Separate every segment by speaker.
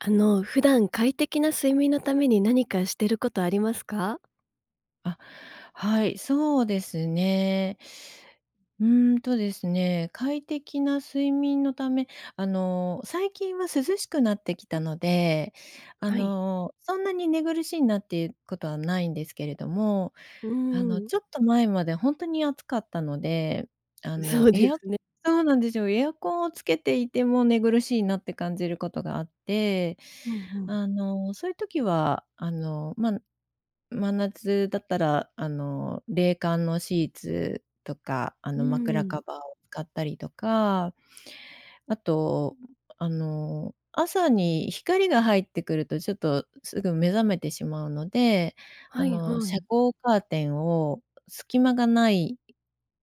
Speaker 1: あの、普段快適な睡眠のために何かしてることありますか？
Speaker 2: あ、はい。そうですね。うんとですね、快適な睡眠のため、あの、最近は涼しくなってきたので、あ
Speaker 1: はい。
Speaker 2: の、そんなに寝苦しいなっていうことはないんですけれども、
Speaker 1: うー
Speaker 2: あの、
Speaker 1: ん。
Speaker 2: ちょっと前まで本当に暑かったので、あ
Speaker 1: そ
Speaker 2: の、
Speaker 1: うで
Speaker 2: エア
Speaker 1: すね。
Speaker 2: そうなんですよ。エアコンをつけていても寝苦しいなって感じることがあって、
Speaker 1: うんうん。
Speaker 2: あの、そういう時は、あの、まん真夏だったら、あの、冷感のシーツとか、あ
Speaker 1: うー
Speaker 2: の、枕カ
Speaker 1: ん。
Speaker 2: バーを使ったりとか、あと、あの、朝に光が入ってくると、ちょっと、すぐ目覚めてしまうので、あ
Speaker 1: はい
Speaker 2: の、
Speaker 1: は
Speaker 2: 遮
Speaker 1: い。
Speaker 2: 光カーテンを隙間がない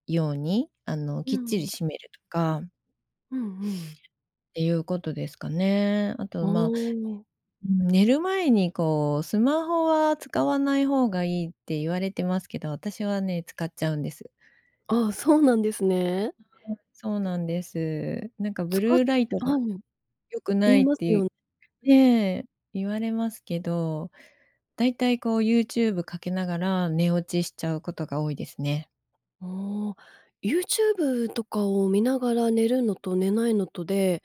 Speaker 2: ように、あの、
Speaker 1: う
Speaker 2: きっちり
Speaker 1: ん。
Speaker 2: 閉めるとか
Speaker 1: うんうん。
Speaker 2: っていうことですかね。あと、
Speaker 1: あ
Speaker 2: ま、
Speaker 1: あ。
Speaker 2: 寝る前に、こう、スマホは使わない方がいいって言われてますけど、私はね、使っちゃうんです。
Speaker 1: あ、そうなんですね。
Speaker 2: はい、そうなんです。なんか、
Speaker 1: つ
Speaker 2: ブ
Speaker 1: か
Speaker 2: ルーライトが
Speaker 1: あん。
Speaker 2: 良く
Speaker 1: 言
Speaker 2: な
Speaker 1: い
Speaker 2: いっ
Speaker 1: ますよんう
Speaker 2: て
Speaker 1: ん。
Speaker 2: いえ、言われますけど、だいたい、こう、ユーチューブかけながら寝落ちしちゃうことが多いですね。
Speaker 1: おお。ユーチューブとかを見ながら寝るのと寝ないのとで、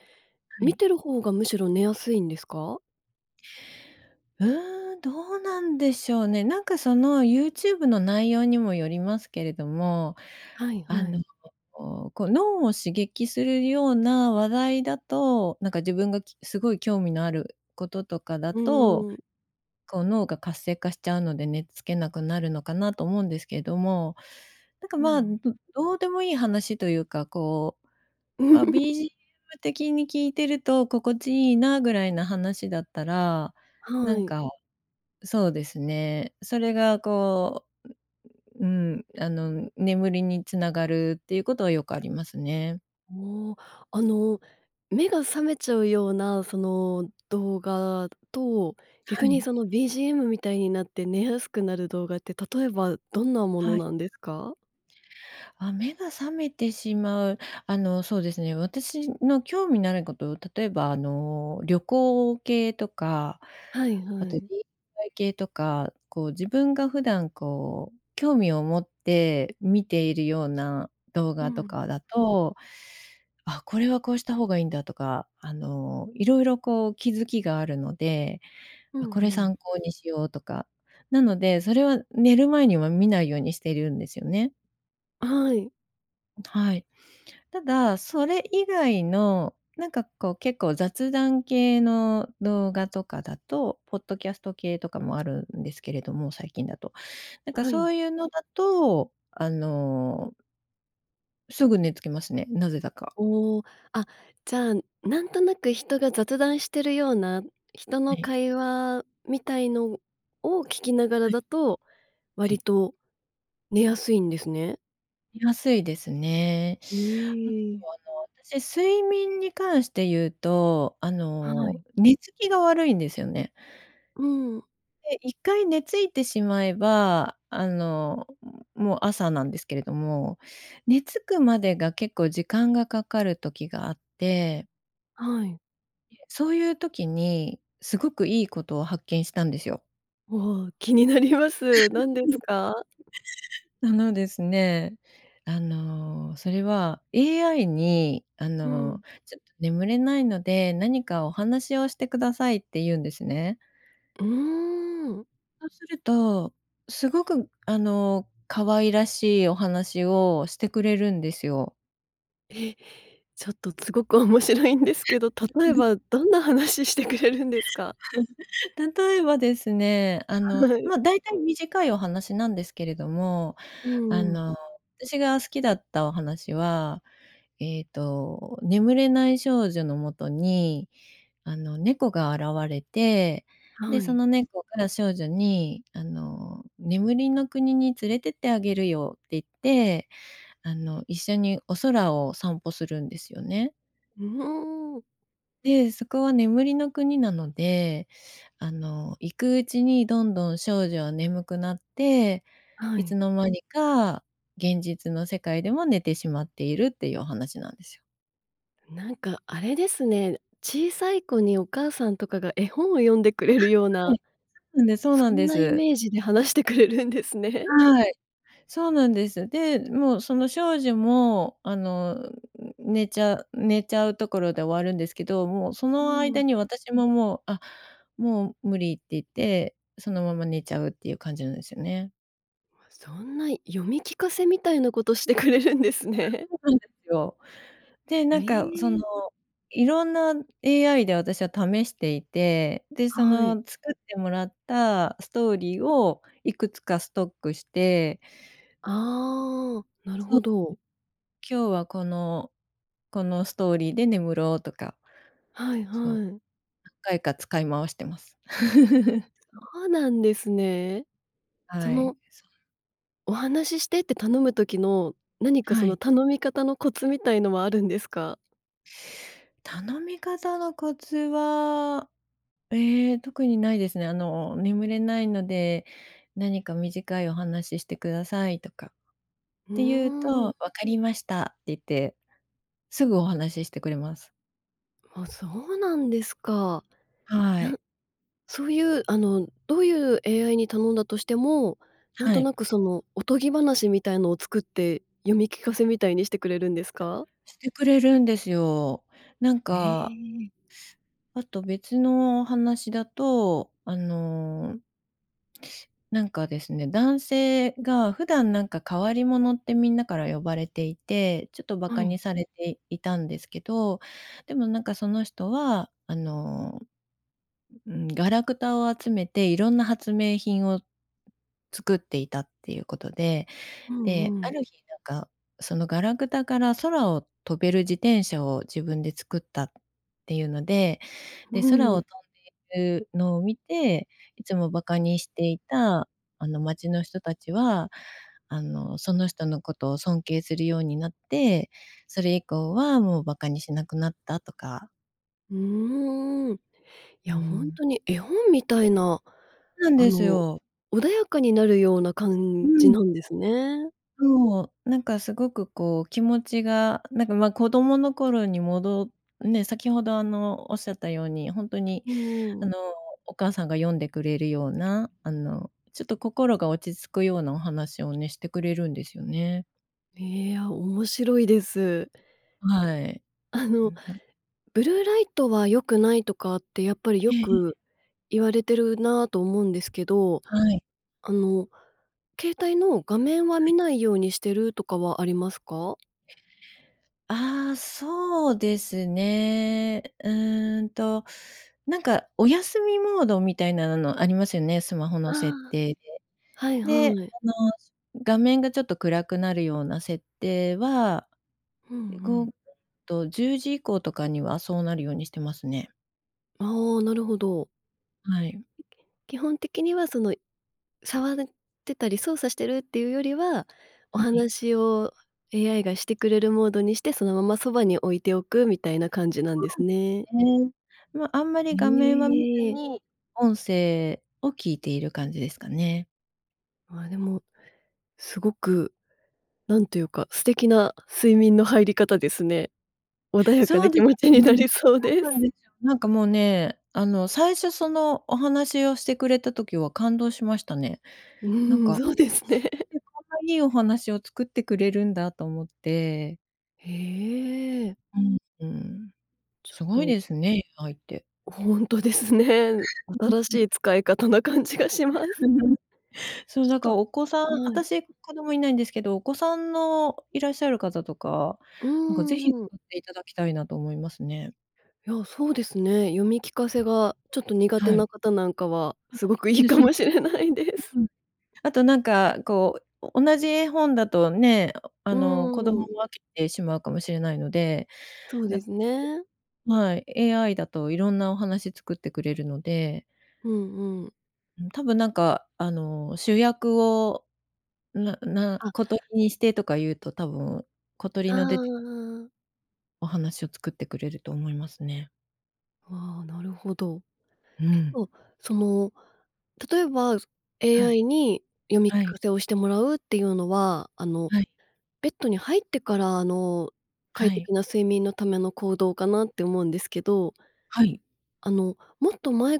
Speaker 2: は
Speaker 1: 見
Speaker 2: い。
Speaker 1: てる方がむしろ寝やすいんですか？
Speaker 2: うーん。どうなんでしょうね。なんか、その、ユーチューブの内容にもよりますけれども、
Speaker 1: はい
Speaker 2: あ
Speaker 1: は
Speaker 2: の、
Speaker 1: い。
Speaker 2: ここうこう、脳を刺激するような話題だと、なんか自分が、きすごい興味のある事とかだ
Speaker 1: う
Speaker 2: と、
Speaker 1: ーん。
Speaker 2: こう、脳が活性化しちゃうので寝付けなくなるのかなと思うんですけども、なんか、
Speaker 1: う
Speaker 2: まあ、ん
Speaker 1: ん。
Speaker 2: どうでもいい話というか、こう、あ、BGM 的に聞いてると心地いいなぐらいな話だったら、な
Speaker 1: は
Speaker 2: ん
Speaker 1: い。
Speaker 2: かそうですね。それが、こう、うううーん、あの眠りに繋がるっていうことはよくありますね。
Speaker 1: おお。あの、目が覚めちゃうような、その、動画と、
Speaker 2: は
Speaker 1: 逆に
Speaker 2: い。
Speaker 1: その BGM みたいになって寝やすくなる動画って、例えばどんなもの
Speaker 2: はい。
Speaker 1: なんですか？
Speaker 2: あ、目が覚めてしまう、あの、そうですね。私の興味のあること、例えば、あの、旅行系とか、
Speaker 1: はい
Speaker 2: あ
Speaker 1: は
Speaker 2: と
Speaker 1: い。
Speaker 2: DIY 系とか、こう、自分が普段、こう、興味を持って見ているような動
Speaker 1: う
Speaker 2: 画と
Speaker 1: ん。
Speaker 2: かだと、あ、これはこうした方がいいんだとか、あの、色々、こう、気づきがあるので、
Speaker 1: う
Speaker 2: これ
Speaker 1: んうん。
Speaker 2: 参考にしようとか、なので、それは寝る前には見ないようにしているんですよね。
Speaker 1: はい。
Speaker 2: はい。ただそれ以外の、なんか、こう、結構、雑談系の動画とかだと、ポッドキャスト系とかもあるんですけれども、最近だと。なんか、
Speaker 1: は
Speaker 2: そ
Speaker 1: い。
Speaker 2: ういうのだと、あのすぐ寝つきますね、なぜだか。
Speaker 1: おお、あっ、じゃあ、なんとなく人が雑談してるような、人
Speaker 2: は
Speaker 1: の
Speaker 2: い。
Speaker 1: 会話みたいのを聞きながら
Speaker 2: はい。
Speaker 1: だと、
Speaker 2: は
Speaker 1: 割
Speaker 2: い。
Speaker 1: と寝やすいんですね。
Speaker 2: 寝やすいですね。
Speaker 1: う
Speaker 2: あと、
Speaker 1: ーん。
Speaker 2: あの、私睡眠に関して言うと、あ
Speaker 1: は
Speaker 2: の、
Speaker 1: い。
Speaker 2: 寝つきが悪いんですよね。
Speaker 1: うん。
Speaker 2: で、1回寝付いてしまえば、あの、もう朝なんですけれども、寝付くまでが結構時間がかかる時があって。
Speaker 1: はい。
Speaker 2: そういう時に、すごくいいことを発見したんですよ。
Speaker 1: わあ、気になります。なんですか？
Speaker 2: あのですね、あの、それは AI に、あ
Speaker 1: うん。
Speaker 2: の「ちょっと、眠れないので、何かお話をしてください」って言うんですね。
Speaker 1: うーん。
Speaker 2: そうするとすごく、あの、可愛らしいお話をしてくれるんですよ。
Speaker 1: え、ちょっと、つごく面白いんですけど、例えば、どんな話ししてくれるんですか？
Speaker 2: うん、例えばですね、あの、
Speaker 1: はい。
Speaker 2: ま、大体短いお話なんですけれども、
Speaker 1: う
Speaker 2: あ
Speaker 1: んうん。
Speaker 2: の、私が好きだったお話は、えっと、眠れない少女の元に、あの、猫が現れて、で、
Speaker 1: は
Speaker 2: そ
Speaker 1: い。
Speaker 2: の猫が少女に、あの、眠りの国に連れてってあげるよって言って、あの、一緒にお空を散歩するんですよね。
Speaker 1: うーん。
Speaker 2: で、そこは眠りの国なので、あの、行くうちに、どんどん少女は眠くなって、
Speaker 1: は
Speaker 2: いつ
Speaker 1: い。
Speaker 2: の間にか現実の世界でも寝てしまっているっていうお話なんですよ。
Speaker 1: なんか、あれですね、小さい子にお母さんとかが絵本を読んでくれるよう
Speaker 2: あ、は
Speaker 1: な、
Speaker 2: いはい、そうな
Speaker 1: そ
Speaker 2: ん
Speaker 1: ん
Speaker 2: ですそ
Speaker 1: な
Speaker 2: う
Speaker 1: イ
Speaker 2: なんです。
Speaker 1: メージで話してくれるんですね。
Speaker 2: はい、そうなんです、で、もうその少女も、あの、寝ちゃ寝ちゃうところで終わるんですけど、もうそ
Speaker 1: う
Speaker 2: の間
Speaker 1: ん。
Speaker 2: に、私ももう、あ、もう無理って言って、そのまま寝ちゃうっていう感じなんですよね。
Speaker 1: そんな、読み聞かせみたいなことしてくれるんです
Speaker 2: わ、
Speaker 1: ね。
Speaker 2: そうなんですよ。で、なん
Speaker 1: え
Speaker 2: か、その、
Speaker 1: え。
Speaker 2: いろんな AI で私は試していて、で、そ
Speaker 1: はい。
Speaker 2: の作ってもらったストーリーをいくつかストックして。そうです。
Speaker 1: ああ、なるほど。
Speaker 2: 今日は、このこの、ストーリーで眠ろうとか、
Speaker 1: はい
Speaker 2: そう、
Speaker 1: はい、
Speaker 2: 何回か使い回してます。
Speaker 1: そうなんですね。そ
Speaker 2: はい。
Speaker 1: の
Speaker 2: そう。
Speaker 1: お話ししてって頼む時の、何か、そ
Speaker 2: は
Speaker 1: の、
Speaker 2: い。
Speaker 1: 頼み方のコツみたいのはあるんですか？
Speaker 2: 頼み方のコツは、ええ、特にないですね。あの、「眠れないので何か短いお話ししてください」とかっ
Speaker 1: う
Speaker 2: て言う
Speaker 1: ーん。
Speaker 2: と、「分かりました」って言って、すぐお話ししてくれます。
Speaker 1: あ、そうなんですか。なん
Speaker 2: はい。
Speaker 1: そういう、あのどういう AI に頼んだとしても、なん
Speaker 2: は
Speaker 1: と
Speaker 2: い。
Speaker 1: なく、その、おとぎ話みたいのを作って読み聞かせみたいにしてくれるんですか？
Speaker 2: してくれるんですよ。なん
Speaker 1: へ
Speaker 2: か
Speaker 1: え。
Speaker 2: あと別の話だと、あのなんかですね、男性が普段なんか変わり者ってみんなから呼ばれていて、ちょっと馬
Speaker 1: は
Speaker 2: 鹿
Speaker 1: い。
Speaker 2: にされていたんですけど、でもなんか、その人は、あの、ううん、ガラクタを集めて、いろんな発明品を作っていたっていうことで、
Speaker 1: うん
Speaker 2: で、
Speaker 1: う
Speaker 2: あ
Speaker 1: ん。
Speaker 2: る日なんか、そのガラクタから空を飛べる自転車を自分で作ったっていうので、
Speaker 1: う
Speaker 2: で、空
Speaker 1: ん。
Speaker 2: を飛んでいるのを見て、いつも馬鹿にしていた、あの、町の人たちは、あの、その人のことを尊敬するようになって、それ以降はもう馬鹿にしなくなったとか。
Speaker 1: うーん。いや、
Speaker 2: う
Speaker 1: ほん
Speaker 2: ん。
Speaker 1: とに絵本みたいな、
Speaker 2: なん
Speaker 1: あ
Speaker 2: です
Speaker 1: の、
Speaker 2: よ。
Speaker 1: 穏やかになるような
Speaker 2: う
Speaker 1: 感じ
Speaker 2: ん。
Speaker 1: なんですね。
Speaker 2: そう、なんか、すごく、こう、気持ちが、なんか、ま、子供の頃にもどね、先ほど、あの、仰ったように、ほんとに、
Speaker 1: うー
Speaker 2: あ
Speaker 1: ん。
Speaker 2: の、お母さんが読んでくれるような、あの、ちょっと心が落ち着くようなお話をね、してくれるんですよね。
Speaker 1: へえ。あ、面白いです。
Speaker 2: はい。
Speaker 1: あの、ブルーライトは良くないとかってやっぱりよ
Speaker 2: ええええ。
Speaker 1: く言われてるな、と思うんですけど、
Speaker 2: はい。
Speaker 1: あの、携帯の画面は
Speaker 2: は
Speaker 1: 見
Speaker 2: い。
Speaker 1: ないようにしてるとかはありますか？
Speaker 2: ああ、そうですね。うんと、なんか、お休みモードみたいなのありますよね、スマホ
Speaker 1: あ
Speaker 2: の設
Speaker 1: あ。
Speaker 2: 定で。
Speaker 1: はい
Speaker 2: で、
Speaker 1: はい。
Speaker 2: あの、画面がちょっと暗くなるような設定は、
Speaker 1: うんうん。
Speaker 2: 5と、10時以降とかには、そうなるようにしてますね。
Speaker 1: あお、なるほど。
Speaker 2: はい。
Speaker 1: 基本的には、その、触るってたり操作してるっていうよりは、お
Speaker 2: はい。
Speaker 1: 話を AI がしてくれるモードにして、そのままそばに置いておくみたい
Speaker 2: あ、
Speaker 1: な感じなん
Speaker 2: そ
Speaker 1: です
Speaker 2: うで
Speaker 1: ね。
Speaker 2: すね、ま、あんまり画面は見ず
Speaker 1: へえ。
Speaker 2: に音声を聞いている感じですかね。
Speaker 1: まあ、でも、すごくなんというか、素敵な睡眠の入り方ですね。穏やか
Speaker 2: そう
Speaker 1: な
Speaker 2: で
Speaker 1: 気持ち
Speaker 2: す
Speaker 1: にな
Speaker 2: ね。
Speaker 1: りそうで
Speaker 2: そうなん
Speaker 1: す。
Speaker 2: ですよ。なんかもうね、あの、最初、その、お話をしてくれた時は感動しましたね。
Speaker 1: う
Speaker 2: なん
Speaker 1: ん、
Speaker 2: か、
Speaker 1: そうです
Speaker 2: 一
Speaker 1: ね。
Speaker 2: 瞬でこんないいお話を作ってくれるんだと思って。
Speaker 1: へえ。
Speaker 2: うんうん、
Speaker 1: ちょっ
Speaker 2: すごい
Speaker 1: と
Speaker 2: ですね、AI って。
Speaker 1: ほんとですね。新し い使い方な感じがします。
Speaker 2: そう、
Speaker 1: ち
Speaker 2: なんか
Speaker 1: ょっと、
Speaker 2: お子さん
Speaker 1: はい。
Speaker 2: 私子供いないんですけど、お子さんのいらっしゃる方とか、
Speaker 1: う
Speaker 2: なんかぜひ使
Speaker 1: んうん。
Speaker 2: っていただきたいなと思いますね。
Speaker 1: いや、そうですね。読み聞かせがちょっと苦手
Speaker 2: はい。
Speaker 1: な方なんかは、
Speaker 2: あ、
Speaker 1: すごく
Speaker 2: そう
Speaker 1: いい
Speaker 2: です
Speaker 1: か
Speaker 2: そうで
Speaker 1: もし
Speaker 2: す。
Speaker 1: れないです。
Speaker 2: うーん。あと、なんか、こう、お同じ絵本だとね、おおあの、子供
Speaker 1: うん。
Speaker 2: も飽きてしまうかもしれないので、
Speaker 1: そう
Speaker 2: な
Speaker 1: ですね。
Speaker 2: はい、AI だといろんなお話作ってくれるので
Speaker 1: うんうん。
Speaker 2: うん。多分なんか、あの、主役をなな
Speaker 1: あ。
Speaker 2: 小鳥にしてとか言うと多分、小鳥
Speaker 1: ああ
Speaker 2: の出て
Speaker 1: ああ。
Speaker 2: お話を作ってくれると思いますね。
Speaker 1: ああ、なるほど。
Speaker 2: う
Speaker 1: 結
Speaker 2: ん。
Speaker 1: 構、その、例えばそ
Speaker 2: はい。
Speaker 1: AI に読み聞
Speaker 2: はい。
Speaker 1: かせをしてもらうっていうのは、あの、
Speaker 2: はい。
Speaker 1: ベッドに入ってから、あの、快
Speaker 2: はい。
Speaker 1: 適な睡眠のための行動かなって思うんですけど
Speaker 2: はい。
Speaker 1: あの、もっと前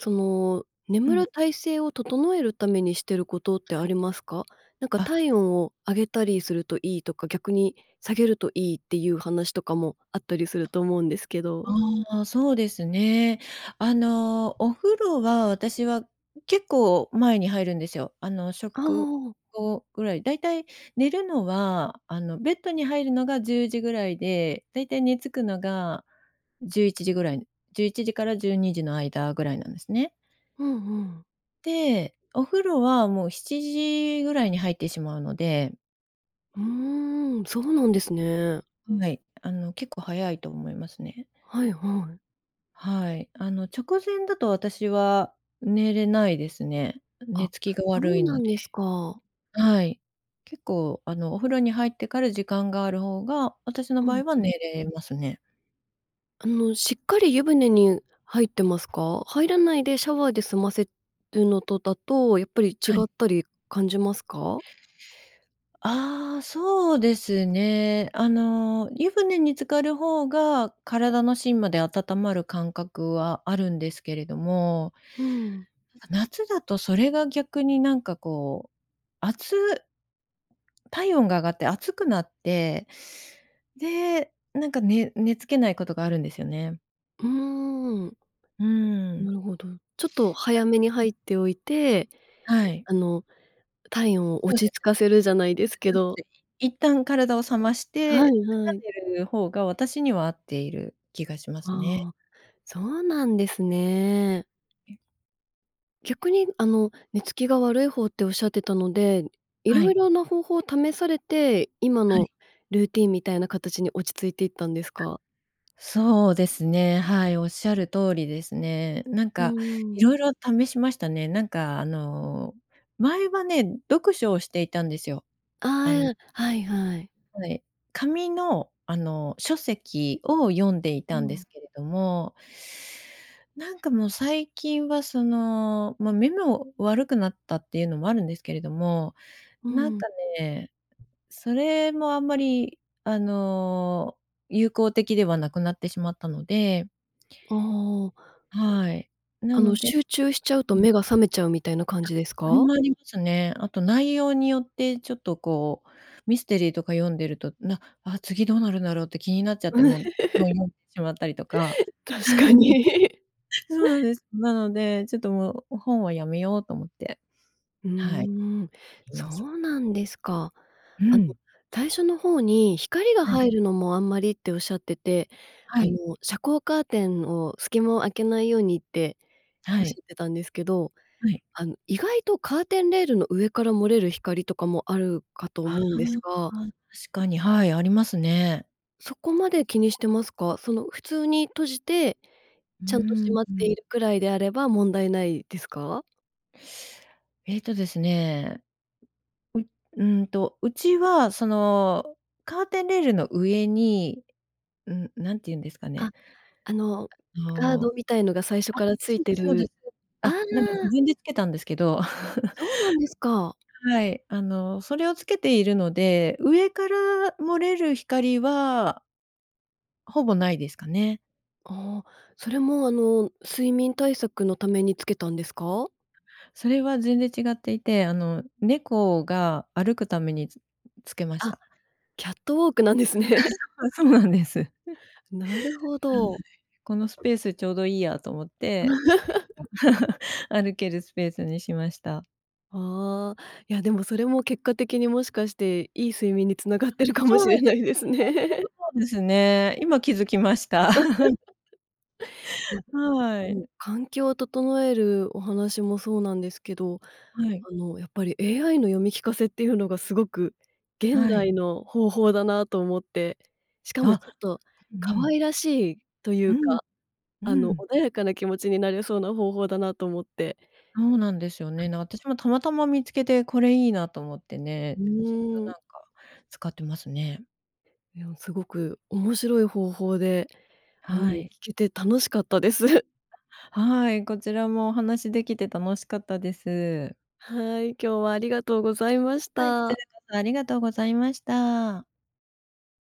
Speaker 1: その、
Speaker 2: う
Speaker 1: 眠
Speaker 2: ん。
Speaker 1: る体勢を整えるためにしてることって
Speaker 2: は
Speaker 1: あ
Speaker 2: い。
Speaker 1: りますか？なんか
Speaker 2: あ。
Speaker 1: 体温を上げたりするといいとか、逆に下げるといいっていう話とかもあったりすると思うんですけど。
Speaker 2: ああ、そうですね。あの、お風呂は私は結構前に入るんですよ。あの、
Speaker 1: あ
Speaker 2: 食
Speaker 1: あ。
Speaker 2: 後ぐらい、だいたい寝るのは、あの、ベッドに入るのが10時ぐらいで、だいたい寝付くのが11時ぐらい、11時から12時の間ぐらいなんですね。
Speaker 1: うんうん。
Speaker 2: で、お風呂はもう7時ぐらいに入ってしまうので。
Speaker 1: うーん、そうなんですね。
Speaker 2: はい。あの結構早いと思いますね。
Speaker 1: はいはい。
Speaker 2: はい、あの、直前だと私は寝れないですね。寝
Speaker 1: あ、
Speaker 2: つきが
Speaker 1: そ
Speaker 2: 悪
Speaker 1: う
Speaker 2: いの
Speaker 1: な
Speaker 2: で
Speaker 1: んですか。
Speaker 2: はい。結構、あの、お風呂に入ってから時間がある方が、私の
Speaker 1: う
Speaker 2: 場
Speaker 1: ん
Speaker 2: 合は
Speaker 1: うん。
Speaker 2: 寝れますね。
Speaker 1: あの、しっかり湯船に入ってますか？入らないでシャワーで済ませるのとだと、やっぱり違
Speaker 2: は
Speaker 1: っ
Speaker 2: い。
Speaker 1: たり感じますか？
Speaker 2: ああ、そうですね。あの、湯船に浸かる方が、体の芯まで温まる感覚はあるんですけれども
Speaker 1: ふん。
Speaker 2: 夏だとそれが逆になんか、こう、あつ体温が上がって暑くなって、で、なんかね寝付けないことがあるんですよね。
Speaker 1: うーん。
Speaker 2: う
Speaker 1: な
Speaker 2: ん。
Speaker 1: るほど。ちょっと早めに
Speaker 2: [unintelligible]
Speaker 1: 入っておいて、
Speaker 2: はい。
Speaker 1: あの、体温を
Speaker 2: そ
Speaker 1: 落
Speaker 2: うで
Speaker 1: ち着
Speaker 2: すね。
Speaker 1: かせるじゃないで
Speaker 2: そうで
Speaker 1: す
Speaker 2: す
Speaker 1: け
Speaker 2: そうで
Speaker 1: ど。
Speaker 2: す。い一旦体を冷まし
Speaker 1: は
Speaker 2: て
Speaker 1: い
Speaker 2: か
Speaker 1: は
Speaker 2: ら
Speaker 1: い。
Speaker 2: 寝る方が、私には合っている気がしますね。
Speaker 1: ああ、そうなんですね。
Speaker 2: うん。
Speaker 1: 逆に、あの、寝つきが悪い方っておっしゃってたので、
Speaker 2: は
Speaker 1: 色
Speaker 2: い。
Speaker 1: 々な方法を試されて、今
Speaker 2: は
Speaker 1: の
Speaker 2: い。
Speaker 1: ルーティンみたいな形に落ち着いていったんです
Speaker 2: [unintelligible]
Speaker 1: か？
Speaker 2: そうですね、はい、おっしゃる通りですね。なん
Speaker 1: う
Speaker 2: か
Speaker 1: ー
Speaker 2: い
Speaker 1: ん。
Speaker 2: ろいろ試しましたね。なんか、あの、前はね、読書をしていたんですよ。
Speaker 1: あ
Speaker 2: あん
Speaker 1: あ、はいはい。
Speaker 2: はい、紙の、あの、書籍を読んでい
Speaker 1: う
Speaker 2: たんで
Speaker 1: ん。
Speaker 2: すけれどもなんか、もう、最近は、その、ま、目も悪くなったっていうのもあるんですけれども、
Speaker 1: う
Speaker 2: なん
Speaker 1: ん。
Speaker 2: かね、それもあんまり、あの、有効的ではなくなってしまったので
Speaker 1: ああ。
Speaker 2: はい。な
Speaker 1: あの、
Speaker 2: ので
Speaker 1: 集中しちゃうと
Speaker 2: うん。
Speaker 1: 目が覚めちゃうみたいな感
Speaker 2: あ、
Speaker 1: じです
Speaker 2: それ
Speaker 1: か？
Speaker 2: もありますね。あと内容によってちょっと、こう、ミステリーとか読んでると、なあ、次どうなるんだろうって気になっちゃって、もう、ずっと読んでしまったりとか。
Speaker 1: 確か に。
Speaker 2: そうなんです。なので、ちょっと、もう本はやめようと思って。
Speaker 1: うー
Speaker 2: はい。
Speaker 1: ん、
Speaker 2: い
Speaker 1: そ
Speaker 2: ます。
Speaker 1: うなんですか。
Speaker 2: う
Speaker 1: あの、
Speaker 2: ん。
Speaker 1: 最初の方に、「光が
Speaker 2: はい。
Speaker 1: 入るのもあんまり」っておっしゃってて、
Speaker 2: は
Speaker 1: あの、
Speaker 2: い。
Speaker 1: 「遮光カーテンを隙間を開けないように」って、お
Speaker 2: は
Speaker 1: っし
Speaker 2: い。
Speaker 1: ゃってたんですけど、
Speaker 2: はい。
Speaker 1: あの、意外とカーテンレールの上から漏れる光とかもあるかと
Speaker 2: ああ、
Speaker 1: 思うんですが
Speaker 2: 確かに、はい、ありますね。
Speaker 1: そこまで気にしてますか？その、普通に閉じて、
Speaker 2: う
Speaker 1: ちゃんと
Speaker 2: ー
Speaker 1: 閉
Speaker 2: ん、
Speaker 1: まっ
Speaker 2: う
Speaker 1: て
Speaker 2: ん。
Speaker 1: いるくらいであれば、問題ないですか？
Speaker 2: えっとですね。んうんと、うちは、その、カーテンレールの上に、ん何て言うんですかね。
Speaker 1: あ、あの、
Speaker 2: あ
Speaker 1: ガード
Speaker 2: の、
Speaker 1: みたいのが最初
Speaker 2: あ、
Speaker 1: からつ
Speaker 2: そ
Speaker 1: い
Speaker 2: うで
Speaker 1: て
Speaker 2: す、そうです。
Speaker 1: るあ
Speaker 2: あ、なんか
Speaker 1: あ。
Speaker 2: 自分でつけたんですけど。
Speaker 1: そうなんですか。
Speaker 2: はい、あの、それをつけているので、上から漏れる光はほぼないですかね。
Speaker 1: あ、それも、あの、睡眠対策のために付けたんですか？
Speaker 2: それは全然違っていて、あの、猫が歩くためにつ付けまし
Speaker 1: あっ、
Speaker 2: た。
Speaker 1: キャットウォークなんですね。
Speaker 2: あ、そうなんです。
Speaker 1: なるほ
Speaker 2: はい、
Speaker 1: ど。
Speaker 2: このスペースちょうどいいやと思って 歩けるスペースにしました。
Speaker 1: あ、いや、でもそれも結果的にもしかして、良い睡眠に繋がっ
Speaker 2: あ、
Speaker 1: てるかも
Speaker 2: そう
Speaker 1: し
Speaker 2: なん
Speaker 1: れ
Speaker 2: で
Speaker 1: ない
Speaker 2: すよ
Speaker 1: で
Speaker 2: ね。そ
Speaker 1: す
Speaker 2: れ
Speaker 1: ね。
Speaker 2: はそうですね。今気づきました。
Speaker 1: いや、
Speaker 2: は
Speaker 1: で
Speaker 2: い。
Speaker 1: も、環境を整えるお話もそうなんですけど、
Speaker 2: はい。
Speaker 1: あの、やっぱり、AI の読み聞かせっていうのが、すごく現
Speaker 2: はい。
Speaker 1: 代の方法だなと思って。しか
Speaker 2: あ
Speaker 1: も、
Speaker 2: っ、
Speaker 1: ちょっと、
Speaker 2: う
Speaker 1: 可
Speaker 2: ん。
Speaker 1: 愛らしいとい
Speaker 2: う
Speaker 1: う
Speaker 2: ん。
Speaker 1: か、
Speaker 2: う
Speaker 1: あの、
Speaker 2: ん。
Speaker 1: 穏やかな気持ちになれそうな方法だなと思って。
Speaker 2: そうなんですよ
Speaker 1: うん。
Speaker 2: ね。ね、私もたまたま見つけてこれいいなと思って
Speaker 1: う
Speaker 2: ね、ずっと、
Speaker 1: ーん。
Speaker 2: なんか、使ってますね。
Speaker 1: いや、すごく面白い方法で、あの、
Speaker 2: は
Speaker 1: 聞
Speaker 2: い。
Speaker 1: けて楽しかったです。
Speaker 2: はい、こちらもお話しできて楽しかったです。
Speaker 1: はい、今日はありがとうございまし
Speaker 2: はい、こちら
Speaker 1: た。
Speaker 2: こそありがとうございました。